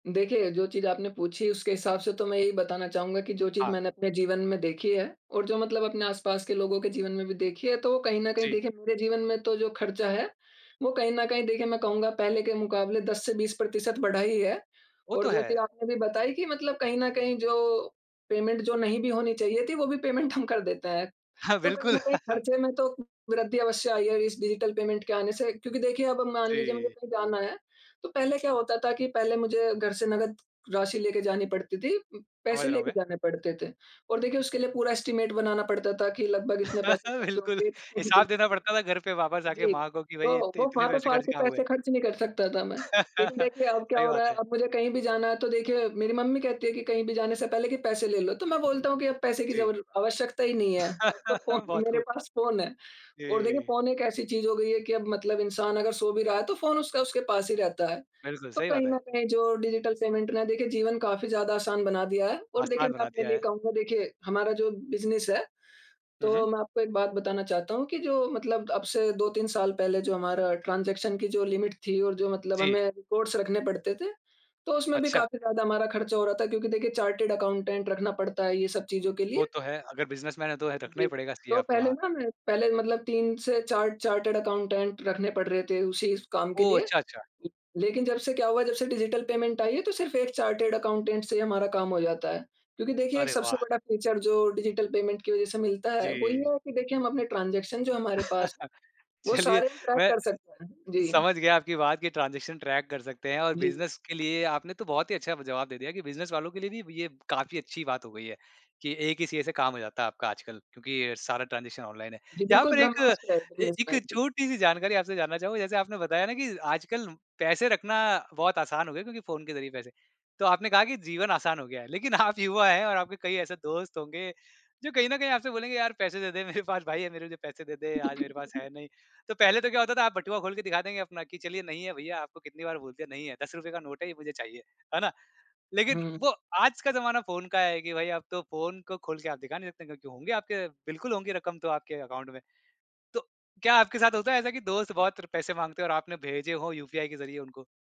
देखिए, जो चीज़ आपने पूछी, उसके हिसाब से तो मैं यही बताना चाहूँगा कि जो चीज़ हाँ। मैंने अपने जीवन में देखी है, और जो मतलब अपने आस-पास के लोगों के जीवन में भी देखी है, तो कहीं न कहीं जी। देखिए मेरे जीवन में तो जो ख़र्चा है, वो कहीं न कहीं देखिए मैं कहूँगा पहले के मुकाबले 10 से 20 प्रतिशत बढ़ा ही है। वो और तो जो चीज़ है। आपने भी बताई कि मतलब कहीं न कहीं जो पेमेंट जो नहीं भी होनी चाहिए थी, वो भी पेमेंट हम कर देते हैं, हाँ, तो कहीं बिल्कुल। न कहीं ख़र्चे में तो उ वृद्धि अवश्य आई है इस डिजिटल पेमेंट के आने से। क्योंकि देखिए अब मान लीजिए मुझे जी। कहीं जाना है, तो पहले क्या होता था कि पहले मुझे घर से नकद राशि लेके जानी पड़ती थी उम, समझ पैसे रहा हूँ लेके मैं। जाने पड़ते थे। और देखिए, उसके लिए पूरा एस्टीमेट बनाना पड़ता था कि लगभग इतने पैसे ख़र्च बिल्कुल, होंगे। हिसाब जी, देना जी। पड़ता था घर पे वापस आके जी, माँ को कि तो भई, इत वो इतने वहाँ पे पैसे खर्च फालतू कहाँ हुए। पैसे ख़र्च नहीं कर सकता था मैं। लेकिन देखिए अब क्या सही हो रहा बात है, है। अब मुझे कहीं भी जाना है, तो देखिए मेरी मम्मी कहती है कि कहीं भी जाने से पहले कि, "पैसे ले लो।" तो मैं बोलता हूँ कि, "अब पैसे की जी। जबल आवश्यकता ही नहीं है, अब तो फ़ोन बहुत मेरे ख़ूब! पास फ़ोन है।" और देखिए, जी। फ़ोन एक ऐसी चीज़ हो गयी है कि अब मतलब इंसान अगर सो भी रहा है, तो फ़ोन उसका उसके पास ही रहता है। बिल्कुल, तो सही बात कहीं है। न कहीं जो डिजिटल पेमेंट ने देखिए जीवन काफ़ी ज़्यादा आसान बना दिया है। और देखिए आसान मैं बना अपने दिया लिए है। कहूँगा, देखिए हमारा जो बिज़नेस है, हुँ, हुँ। तो मैं आपको एक बात बताना चाहता हूँ कि जो मतलब अब से 2-3 साल पहले जो हमारा ट्रांज़ेक्शन की जो लिमिट थी और जो मतलब जी। हमें रिपोर्ट्स रखने पड़ते थे, तो उसमें भी अच्छा। काफ़ी ज़्यादा हमारा ख़र्च हो रहा था क्योंकि देखिए, चार्टेड अकाउंटेंट रखना पड़ता है ये सब चीज़ों के वो लिए। तो है। अगर बिज़नेसमैन है, तो है रखना जी। ही पड़ेगा सीए तो आपको, पहले हाँ। ना मैं पहले मतलब 3 से 4 चार्टेड अकाउंटेंट रखने पड़ रहे थे उसी स काम के ओह! लिए। अच्छा, अच्छा। लेकिन जब से क्या हुआ, जब से डिजिटल पेमेंट आई है, तो सिर्फ 1 चार्टेड अकाउंटेंट से ही हमारा काम हो जाता है। क्योंकि देखिए, एक अरे सबसे वाह! बड़ा फीचर जो डिजिटल पेमेंट की वजह से मिलता है, वो ये जी। है कि देखिए हम अपने ट्रांज़ेक्शन जो हमारे पास, वो चलिए, सारे हम ट्रैक मैं कर सकते हैं। जी। समझ गया आपकी बात कि ट्रांज़ेक्शन ट्रैक कर सकते हैं, और जी। बिज़नेस के लिए आपने तो बहुत ही अच्छा ब जवाब दे दिया कि बिज़नेस वालों के लिए भी ये काफ़ी अच्छी बात हो गई है कि 1 ही सीए से काम हो जाता है आपका आजकल क्योंकि अ, सारा ट्रांज़ेक्शन ऑनलाइन है। जी, यहाँ बिल्कुल पर एक ब्रह्मास्त्र है अ, एक बिज़नेसमैन के छोटी-सी जानकारी आपसे जानना चाहूँगा, जैसे आपने बताया ना कि आजकल पैसे रखना बहुत आसान हो गया क्योंकि फ़ोन के ज़रिए पैसे तो आपने कहा कि जीवन आसान हो गया है। लेकिन आप युवा हैं और आपके कई ऐसे दोस्त होंगे जो कहीं न कहीं आपसे बोलेंगे, "यार, पैसे दे दे, मेरे पास भाई है मेरे जो पैसे दे दे, आज मेरे पास है नहीं।" तो पहले तो क्या होता था, आप बटुआ खोल के दिखा देंगे अपना कि, "चलिए, नहीं है भईया, आपको कितनी बार बोल दिया, नहीं है। ₹10 का नोट है, ये मुझे चाहिए" है ना। लेकिन हुँ। वो आज का ज़माना फ़ोन का है कि भई, अब तो फ़ोन को खोल के आप दिखा नहीं सकते क्योंकि होंगे आपके बिल्कुल होंगी रकम तो आपके अकाउंट में। तो क्या आपके साथ होता है ऐसा कि दोस्त बहुत र पैसे माँगते और आपने भेजे हों यूपीआई के ज़रिए उनको?